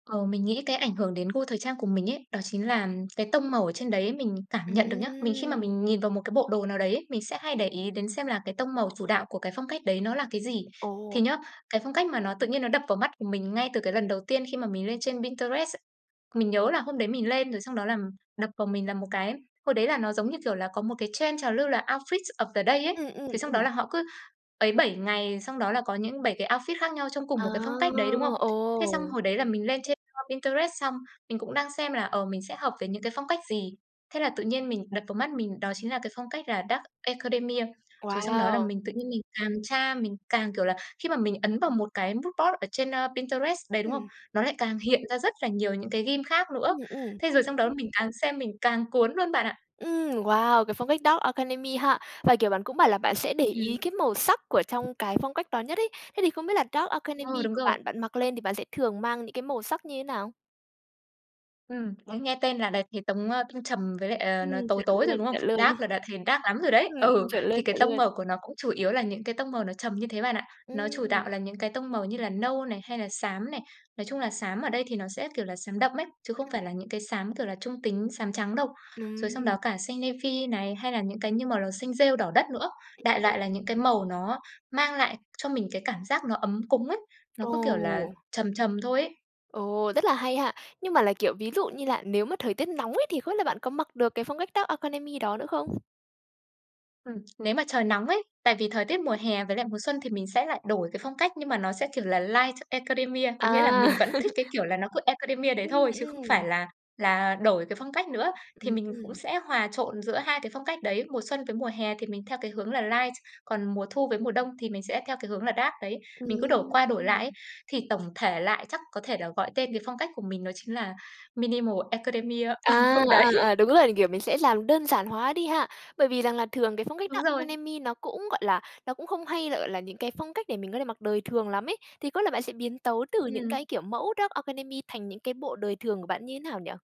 Ờ, mình nghĩ cái ảnh hưởng đến gu thời trang của mình ấy đó chính là cái tông màu ở trên đấy mình cảm nhận được nhá. Vì khi mà Ừm. mình nhìn vào một cái bộ đồ nào đấy ấy, mình sẽ hay để ý đến xem là cái tông màu chủ đạo của cái phong cách đấy nó là cái gì. Ồ. Thì nhớ, cái phong cách mà nó tự nhiên nó đập vào mắt của mình ngay từ cái lần đầu tiên khi mà mình lên trên Pinterest, mình nhớ là hôm đấy mình lên rồi xong đó là đập vào mình là một cái hồi đấy là nó giống như kiểu là có một cái trend trào lưu là oufit of the day ấy. Ừm, ừm, Thế xong đó ừm. là họ cứ ấy 7 ngày xong đó là có những 7 cái outfit khác nhau trong cùng À! một cái phong cách đấy, đúng không? Thế xong Ồ! hồi đấy là mình lên trên, ơ, Pinterest xong mình cũng đang xem là, ờ, mình sẽ hợp với những cái phong cách gì. Thế là tự nhiên mình đập vào mắt mình đó chính là cái phong cách là Dark Academia. Rồi xong đó là Wow! mình tự nhiên mình càng tra, mình càng kiểu là, khi mà mình ấn vào một cái mood board ở trên, ơ, Pinterest đấy, đúng không? Ừm. Nó lại càng hiện ra rất là nhiều những cái theme khác nữa. Ừm, ừm. Thế rồi xong đó mình càng xem mình càng cuốn luôn bạn ạ. Ừm, wow, cái phong cách Dark Academia ha. Và, kiểu, bạn cũng bảo là bạn sẽ để Ừm. ý cái màu sắc của trong cái phong cách đó nhất ấy, thế thì không biết là Dark Ừ, Academia đúng của rồi. bạn, bạn mặc lên thì bạn sẽ thường mang những cái màu sắc như thế nào? Ừm, đấy nghe tên là đã thấy tống ơ, tông trầm với lại, ờ, Ừm, nó tối chuẩn tối rồi, luôn, đúng không? chuẩn luôn. Dark là đã thấy dark lắm rồi đấy. Ừm, ừm, Ừ, chuẩn luôn, thì cái chuẩn tông luôn. màu của nó cũng chủ yếu là những cái tông màu nó trầm như thế bạn ạ. Nó chủ Ừm. đạo là những cái tông màu như là nâu này, hay là xám này. Nói chung là xám ở đây thì nó sẽ, kiểu, là xám đậm ấy, chứ không Ừm. phải là những cái xám, kiểu là, trung tính, xám trắng đâu. Rồi xong đó Ừm. cả xanh navy này, hay là những cái như màu là xanh rêu đỏ đất nữa. Đại [unintelligible] loại là những cái màu nó mang lại cho mình cái cảm giác nó ấm cúng ấy, nó cứ, kiểu là, Ồ! trầm trầm thôi ấy. Ồ, rất là hay ha! Nhưng mà là, kiểu, ví dụ như lạ nếu mà thời tiết nóng ấy thì không biết là bạn có mặc được cái phong cách Dark Academia đó nữa không? Ừm, nếu mà trời nóng ấy. Tại vì thời tiết mùa hè với lại mùa xuân thì mình sẽ lại đổi cái phong cách nhưng mà nó sẽ, kiểu, là Light Academia. Có nghĩa là mình À! vẫn thích cái kiểu là nó cứ Academia đấy Ừm, thôi chứ không phải ừm. là là đổi cái phong cách nữa. Thì mình cũng Ừm. sẽ hòa trộn giữa hai cái phong cách đấy. Mùa xuân với mùa hè thì mình theo cái hướng là Light. Còn mùa thu với mùa đông thì mình sẽ theo cái hướng là Dark đấy. Mình cứ đổi Ừm. qua đổi lại ấy, thì tổng thể lại chắc có thể là gọi tên cái phong cách của mình đó chính là Minimal Academia, ừ, À, ừ, đấy. à, à, đúng rồi, kiểu, mình sẽ làm đơn giản hóa đi ha. Bởi vì rằng là thường cái phong cách Đúng Dark rồi. Academia nó cũng, gọi là, nó cũng không hay là, gọi là, những cái phong cách để mình có thể mặc đời thường lắm ấy, thì có là bạn sẽ biến tấu từ những Ừm. cái kiểu mẫu Dark Academia thành những cái bộ đời thường của bạn như nào nhỉ?